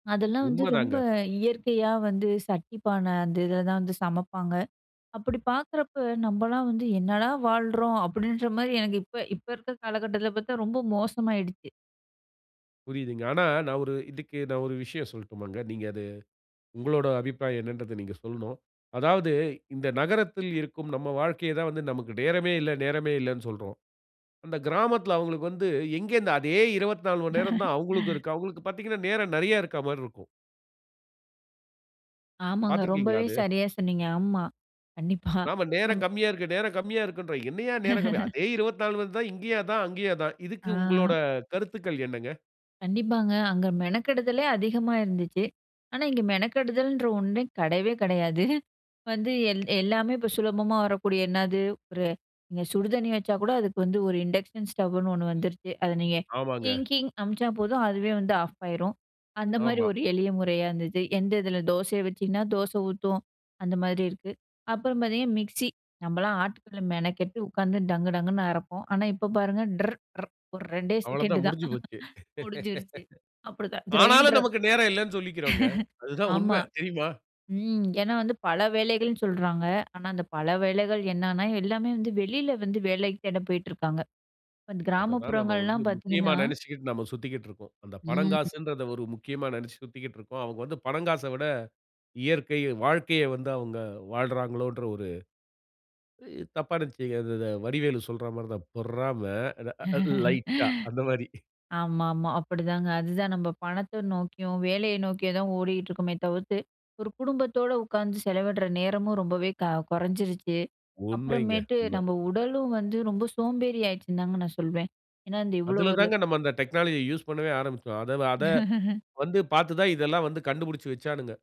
அதெல்லாம் வந்து ரொம்ப உண்மைதாங்க. இயற்கையா வந்து சட்டி, பானை அந்த இதில தான் வந்து சமைப்பாங்க. அப்டி பார்க்குறப்போ நம்பலாம் வந்து என்னடா வாழ்றோம் அப்டின்ற மாரி எனக்கு, இப்ப இப்ப இருக்கிற காலகட்டத்தில பார்த்தா, ரொம்ப மோசமாயிடுச்சு. புரியுதுங்க. ஆனா நான் ஒரு இதுக்கு நான் ஒரு விஷயம் சொல்லட்டுமாங்க. நீங்க அது உங்களுடைய அபிப்பிராயம் என்னன்றத நீங்க சொல்ணும். அதாவது இந்த நகரத்தில இருக்கும் நம் வாழ்க்கையை தான் வந்து நமக்கு நேரமே இல்லை நேரமே இல்லைன்னு சொல்றோம். அந்த கிராமத்தில அவங்களுக்கு வந்து எங்கே இருந்து அதே மணி நேரம் தான் அவுங்களுக்கும் இருக்கு. அவுங்களுக்கு பார்த்தீங்கன்னா நேரம் நெறைய இருக்கிற மாதிரி இருக்கும். ஆமாங்க. பார்த்திருக்கீங்ககளா ரொம்பவே அது? சரியாக சொன்னீங்க. ஆமா கண்டிப்பா நாம நம், நேரம் அம், கம்மியா இருக்கு நேரம் கம்மியா இருக்குன்றோம். என்னையா நேரம் கம்மி. அதே 24 தான் இங்கேயும் அதான் அங்கேயும் அதான். இதுக்கு ஆ. உங்களுடைய கருத்துக்கள் என்னங்க? கண்டிப்பாங்க அங்கே மெனக்கெடுதலே அதிகமா இருந்துச்சு. ஆனா, இங்கே மெனக்கெடுதல்ன்ற ஒண்ணே கெடையவே கெடையாது. வந்து எல்லாமே இப்போ சுலபமா வரக்கூடிய என்னது ஒரு இங்க சுடு தண்ணி வச்சா கூட, அதுக்கு வந்து ஒரு இண்டக்ஷன் ஸ்டவ்வுன்னு ஒண்ணு வந்துருச்சு. அதை நீங்க ஆமாங்க. டிங்டிங் அனுப்பிச்சா போதும் அதுவே வந்து ஆஃப் ஆகிடும். அந்தமாரி ஆமா. ஒரு எளிய முறையா இருந்தது. எந்த இதில தோசையை வச்சிங்கன்னா தோசை ஊத்தூம் அந்த மாதிரி இருக்குது. அப்புறம் பார்த்திங்க மிக்ஸி, நம்பலாம் ஆட்டுக்கல்ல மெனக்கெட்டு உட்காந்து டங்கு டங்குன்னு அரைப்போம். ஆனா இப்போ பாருங்க ட்ரு ட்ரு ஒரு 2 அவ்வளவு செகண்ட் தான் தான். முடிஞ்சு போச்சு. முடிஞ்சுருச்சு. அப்டிதான் ஆனாலும், கிரைண்டர். நமக்கு நேரம் இல்லைன்னு சொல்லிக்கிறோம்ங்க. அதுதான் ஆமா உண்மை தெரியுமா? ம் ஏன்னா வந்து பல வேலைகள்னு சொல்றாங்க. ஆனா அந்த பல வேலைகள் என்னன்னா, எல்லாமே வந்து வெளியில வந்து வேலைக்கு தேட போயிட்டுருக்காங்க. இப்ப அதை தான் நம்ம வந்து கிராமப்புறங்கள்லாம் முக்கியமா பார்த்தீங்கன்னா நெனைச்சுக்கிட்டு நம்ம சுத்திகிட்டு இருக்கோம். அந்த ம். பனங்காசுன்றத ஒரு முக்கியமா நெனைச்சு சுத்திக்கிட்டு இருக்கோம். அவங்க வந்து பனங்காசை விட இயற்கை, வாழ்க்கையை வந்து அவங்க வாழ்றாங்களோன்ற ஒரு தப்பா நினைச்சுக்காதீங்க. அத அத வடிவேலு சொல்ற மாதிரிதான், "பொறாம," 'அ அ லைட்டா' அந்த மாரி. ஆமா ஆமா, அப்படிதாங்க. அதுதான் நம்ம பணத்தை நோக்கியும், வேலையை நோக்கியும் தான் ஓடிக்கிட்டு இருக்கோமே தவிர்த்து, ஒரு குடும்பத்தோடு உட்கார்ந்து செலவிடுற நேரமும் ரொம்பவே க கொறைஞ்சிருச்சு. உண்மைங்க, அப்புறமேட்டு உண்மை. நம்ம உடலும் வந்து ரொம்ப சோம்பேறி ஆயிடுச்சுன்னு தாங்க நான் சொல்வேன். ஏன்னா இந்த இவ்ளோ அதில ஒரு தான் நம்ம அந்த டெக்னாலஜிய யூஸ் பண்ணவே ஆரம்பிச்சோம். அதை அதை வந்து பார்த்து தான் இதெல்லாம் வந்து கண்டுபிடிச்சு வச்சானுங்க.